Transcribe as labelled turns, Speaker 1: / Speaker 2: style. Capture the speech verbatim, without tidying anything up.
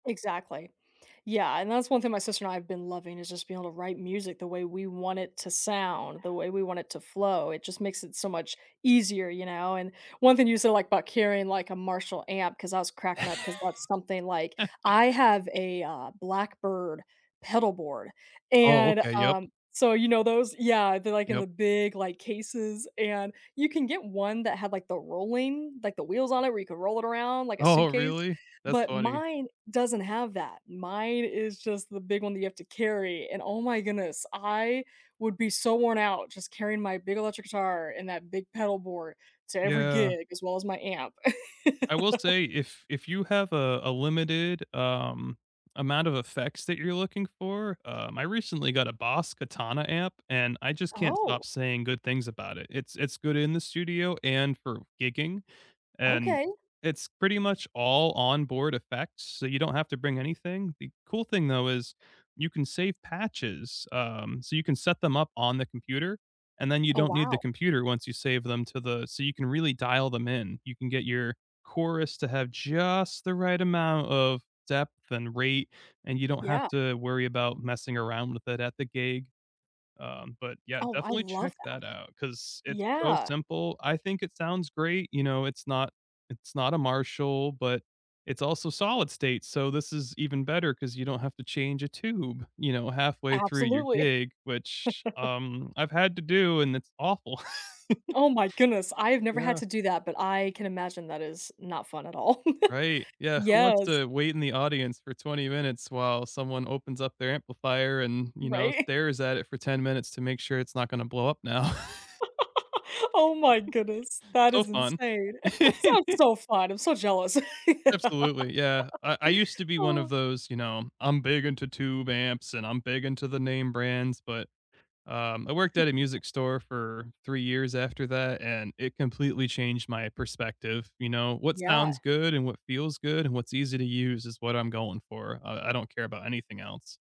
Speaker 1: Exactly. Yeah, and that's one thing my sister and I have been loving is just being able to write music the way we want it to sound, the way we want it to flow, it just makes it so much easier, you know? And one thing you said, like, about carrying, like, a Marshall amp ‘cause I was cracking up ‘cause that's something, like I have a, uh, Blackbird pedalboard,
Speaker 2: Oh,
Speaker 1: and,
Speaker 2: okay, yep.
Speaker 1: um so you know those? Yeah, they're, like, in
Speaker 2: Yep.
Speaker 1: the big, like, cases and you can get one that had, like, the rolling like the wheels on it where you could roll it around like a
Speaker 2: Oh,
Speaker 1: suitcase?
Speaker 2: really? That's
Speaker 1: But
Speaker 2: funny.
Speaker 1: mine doesn't have that, mine is just the big one that you have to carry, and oh my goodness, I would be so worn out just carrying my big electric guitar and that big pedalboard to every
Speaker 2: Yeah.
Speaker 1: gig as well as my amp.
Speaker 2: I will say if if you have a a limited, um, amount of effects that you're looking for, um, I recently got a Boss Katana amp, and I just can't
Speaker 1: Oh!
Speaker 2: stop saying good things about it. It's it's good in the studio and for gigging, and
Speaker 1: Okay!
Speaker 2: it's pretty much all onboard effects, so you don't have to bring anything. The cool thing, though, is you can save patches, um, so you can set them up on the computer, and then you
Speaker 1: Oh,
Speaker 2: don't need the
Speaker 1: wow.
Speaker 2: computer once you save them to the so you can really dial them in, you can get your chorus to have just the right amount of depth and rate, and you don't have
Speaker 1: Yeah.
Speaker 2: to worry about messing around with it at the gig. Um, but, yeah,
Speaker 1: Oh, I
Speaker 2: definitely
Speaker 1: love
Speaker 2: check
Speaker 1: that.
Speaker 2: that out 'cause it's so
Speaker 1: Yeah!
Speaker 2: simple, I think it sounds great, you know, it's not it's not a Marshall, but it's also solid state. So this is even better ‘cause you don't have to change a tube, you know, halfway through your
Speaker 1: Absolutely.
Speaker 2: gig, which, um, I've had to do, and it's awful.
Speaker 1: Oh my goodness! I have never had
Speaker 2: Yeah.
Speaker 1: to do that, but I can imagine that is not fun at all.
Speaker 2: Right, yeah, who wants
Speaker 1: Yes.
Speaker 2: to wait in the audience for twenty minutes while someone opens up their amplifier and, you know,
Speaker 1: Right.
Speaker 2: stares at it for ten minutes to make sure it's not gonna blow up now?
Speaker 1: Oh my goodness, that
Speaker 2: So
Speaker 1: is
Speaker 2: fun.
Speaker 1: insane, sounds so fun, I'm so jealous.
Speaker 2: Absolutely, yeah, I I used to be one of
Speaker 1: Oh.
Speaker 2: those, you know, "I'm big into tube amps," and "I'm big into the name brands," but, um, I worked at a music store for three years after that, and it completely changed my perspective, you know? What
Speaker 1: Yeah.
Speaker 2: sounds good and what feels good and what's easy to use is what I'm going for, I I don't care about anything else.